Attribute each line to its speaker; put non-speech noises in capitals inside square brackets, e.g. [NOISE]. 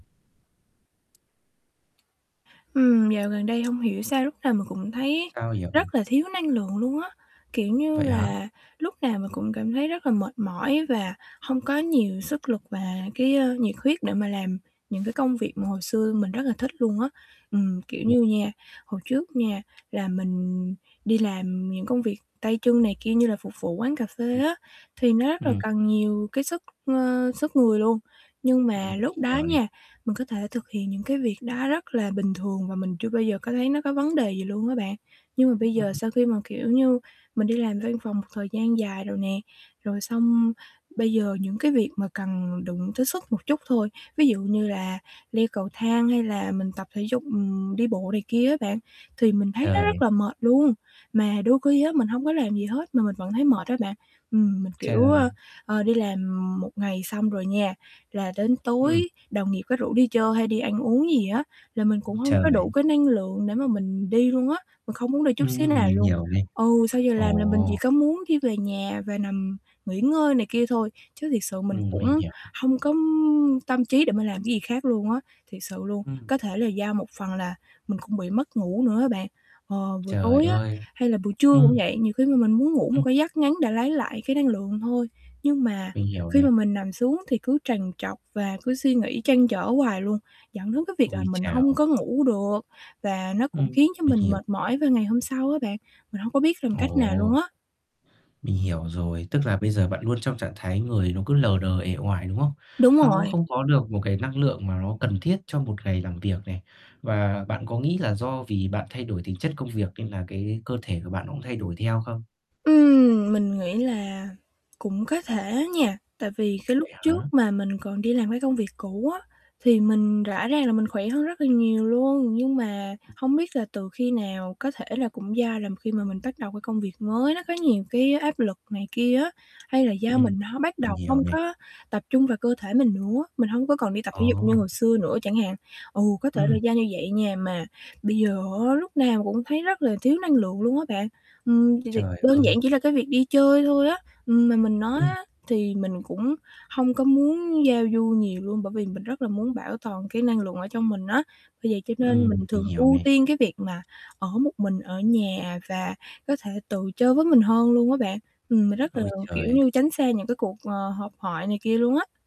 Speaker 1: Ừm, dạo gần đây hông hiểu sao lúc nào mình cũng thấy
Speaker 2: Sao vậy?
Speaker 1: rất là thiếu năng lượng luôn á, kiểu như
Speaker 2: Vậy hả?
Speaker 1: là, lúc nào mình cũng cảm thấy rất là mệt mỏi và hông có nhiều sức lực và cái, a, nhiệt huyết để mà làm những cái công việc mà hồi xưa mình rất là thích luôn á. Ừm, kiểu
Speaker 2: [UNINTELLIGIBLE]
Speaker 1: như nha, hồi trước nha là mình đi làm những công việc tay chân này kia như là phục vụ quán cà phê
Speaker 2: Ừm.
Speaker 1: á thì nó rất
Speaker 2: Ừm
Speaker 1: là
Speaker 2: hừm.
Speaker 1: cần nhiều cái sức, ơ, sức người luôn, nhưng mà
Speaker 2: Ừm, đi
Speaker 1: lúc đó
Speaker 2: nhiều đi.
Speaker 1: nha, mình có thể thực hiện những cái việc đó rất là bình thường và mình chưa bao giờ có thấy nó có vấn đề gì luôn á bạn. Nhưng mà
Speaker 2: Ưm,
Speaker 1: bây giờ
Speaker 2: ừm.
Speaker 1: sau khi mà, kiểu như, mình đi làm văn phòng một thời gian dài rồi nè, rồi xong bây giờ những cái việc mà cần đụng tới sức một chút thôi, ví dụ như là leo cầu thang hay là mình tập thể dục, ừm, đi bộ này kia á bạn thì mình thấy nó rất
Speaker 2: Trời.
Speaker 1: là mệt luôn. Mà đôi khi á mình hông có làm gì hết mà mình vẫn thấy mệt á bạn. Ừm, mình, kiểu, ơ,
Speaker 2: Trời.
Speaker 1: ờ, đi làm một ngày xong rồi nha, là đến
Speaker 2: Ừm.
Speaker 1: tối đồng nghiệp có rủ đi chơi hay đi ăn uống gì á là mình
Speaker 2: Ưm,
Speaker 1: cũng hông có đủ
Speaker 2: trời.
Speaker 1: cái năng lượng để mà mình đi luôn á, mình không muốn đi chút xíu
Speaker 2: Ừm,
Speaker 1: nào
Speaker 2: mình
Speaker 1: luôn.
Speaker 2: hiểu nè.
Speaker 1: Ừ, sau giờ làm là mình chỉ
Speaker 2: Ồ!
Speaker 1: có muốn đi về nhà và nằm nghỉ ngơi này kia thôi chứ thiệt sự mình
Speaker 2: Ừm, mình
Speaker 1: cũng
Speaker 2: hiểu.
Speaker 1: hông có tâm trí để mình làm cái gì khác luôn á, thiệt sự luôn.
Speaker 2: Ừm.
Speaker 1: Có thể là do một phần là mình cũng bị mất ngủ nữa á bạn, ờ, buổi
Speaker 2: Trời
Speaker 1: tối á
Speaker 2: ơi,
Speaker 1: hay là buổi trưa cũng
Speaker 2: ừm.
Speaker 1: vậy, nhiều khi mà mình muốn ngủ một
Speaker 2: Ừm.
Speaker 1: cái giấc ngắn để lấy lại cái năng lượng thôi, nhưng mà
Speaker 2: Mình hiểu
Speaker 1: khi mà
Speaker 2: nè.
Speaker 1: mình nằm xuống thì cứ trằn trọc và cứ suy nghĩ trăn trở hoài luôn, dẫn đến cái việc là
Speaker 2: Ôi
Speaker 1: mình hông
Speaker 2: chào!
Speaker 1: có ngủ được và nó cũng
Speaker 2: Ừm,
Speaker 1: khiến cho
Speaker 2: mình
Speaker 1: mình
Speaker 2: hiểu.
Speaker 1: mệt mỏi vào ngày hôm sau á bạn. Mình hông có biết làm cách nào luôn
Speaker 2: Ồ.
Speaker 1: á.
Speaker 2: Mình hiểu rồi, tức là bây giờ bạn luôn trong trạng thái người nó cứ lờ đờ uể oải, đúng không?
Speaker 1: Đúng
Speaker 2: Nó
Speaker 1: rồi.
Speaker 2: không có được một cái năng lượng mà nó cần thiết cho một ngày làm việc này. Và bạn có nghĩ là do vì bạn thay đổi tính chất công việc nên là cái cơ thể của bạn nó cũng thay đổi theo không?
Speaker 1: Ừm, mình nghĩ là cũng có thể nha, tại vì cái lúc
Speaker 2: Vậy
Speaker 1: trước
Speaker 2: hả?
Speaker 1: mà mình còn đi làm cái công việc cũ á thì mình rõ ràng là mình khỏe hơn rất là nhiều luôn. Nhưng mà
Speaker 2: Ừm.
Speaker 1: hông biết là từ khi nào, có thể là cũng do là khi mà mình bắt đầu cái công việc mới nó có nhiều cái áp lực này kia á, hay là do
Speaker 2: Ừm,
Speaker 1: mình ho bắt
Speaker 2: mình
Speaker 1: đầu
Speaker 2: hiểu
Speaker 1: hông
Speaker 2: nè.
Speaker 1: có tập trung vào cơ thể mình nữa, mình hông có còn đi tập
Speaker 2: Ờ.
Speaker 1: thể dục như hồi xưa nữa chẳng hạn. Ừ, có thể là
Speaker 2: Ừm.
Speaker 1: do như vậy nha, mà bây giờ á lúc nào cũng thấy rất là thiếu năng lượng luôn á bạn. Ừm, thì thì
Speaker 2: Trời
Speaker 1: đơn giản
Speaker 2: ơi!
Speaker 1: chỉ là cái việc đi chơi thôi á, ừm, mà mình nói
Speaker 2: Ừm.
Speaker 1: á thì mình cũng hông có muốn giao du nhiều luôn bởi vì mình rất là muốn bảo toàn cái năng lượng ở trong mình á. Bởi vậy cho nên mình
Speaker 2: Ừm, mình
Speaker 1: thường
Speaker 2: hiểu
Speaker 1: ưu
Speaker 2: nè.
Speaker 1: tiên cái việc mà ở một mình ở nhà và có thể tự chơi với mình hơn luôn á bạn. Ừm, mình rất là,
Speaker 2: Ôi
Speaker 1: kiểu
Speaker 2: trời!
Speaker 1: như, tránh xa những cái cuộc, ờ, họp hoại này kia luôn á.